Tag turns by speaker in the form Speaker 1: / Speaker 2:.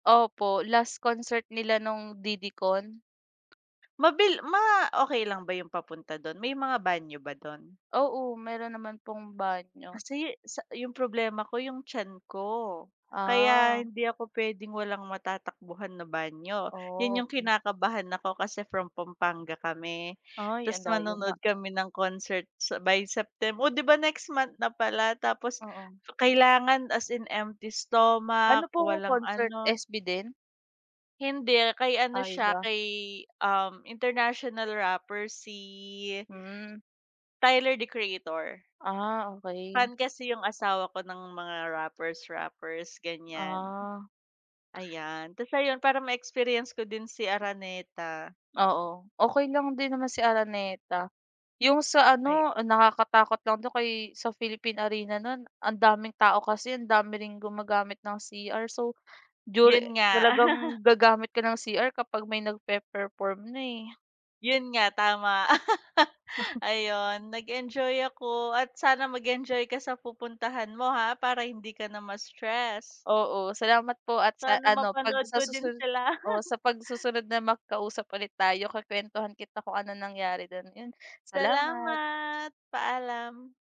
Speaker 1: Opo, last concert nila nung DD Con.
Speaker 2: Mabil ma okey lang ba yung papunta dun? May mga banyo ba dun?
Speaker 1: Oo, meron naman pong banyo.
Speaker 2: Kasi, sa yung problema ko yung tiyan ko. Kaya
Speaker 1: Ah.
Speaker 2: hindi ako pwedeng walang matatakbuhan na banyo. Yun yung
Speaker 1: Okey.
Speaker 2: kinakabahan ako kasi from Pampanga kami.
Speaker 1: Ay
Speaker 2: Tas
Speaker 1: ang dayo nga.
Speaker 2: manonood kami ng concert sa by Septem o di ba, next month na pala. Tapos
Speaker 1: Oo.
Speaker 2: kailangan as in empty
Speaker 1: Ano
Speaker 2: stomach,
Speaker 1: pong
Speaker 2: walang
Speaker 1: concert,
Speaker 2: ano.
Speaker 1: SB din?
Speaker 2: Hindi, kay ano
Speaker 1: Ay
Speaker 2: siya
Speaker 1: iba.
Speaker 2: kay, uhm international rapper. Si
Speaker 1: Hmm.
Speaker 2: Tyler, The Creator.
Speaker 1: Ah okey.
Speaker 2: Fan kasi yung asawa ko ng mga rappers, rappers, ganyan.
Speaker 1: Ah.
Speaker 2: Ayan tas ayun parang may experience ko din si Araneta.
Speaker 1: Oo, okey lang din naman si Araneta. Yung sa
Speaker 2: Ay.
Speaker 1: ano nakakatakot lang dun kay sa Philippine Arena nun ang daming tao kasi, ang dami ring gumagamit ng cr so during
Speaker 2: Yun nga.
Speaker 1: talagang gagamit ka ng cr kapag may nagpe-perform na, eh.
Speaker 2: Yun nga tama. Ayun nag-enjoy ako at sana mag-enjoy ka sa pupuntahan mo ha para hindi ka na ma-stress.
Speaker 1: Oo, salamat po at sa
Speaker 2: Sana
Speaker 1: ano pag
Speaker 2: mapanood
Speaker 1: sa
Speaker 2: ko din
Speaker 1: susunod
Speaker 2: sila.
Speaker 1: oo, sa pag susunod na magkausap ulit tayo ku-kwentuhan kita kung anong nangyari dun, ayun, salamat!
Speaker 2: Salamat! Paalam.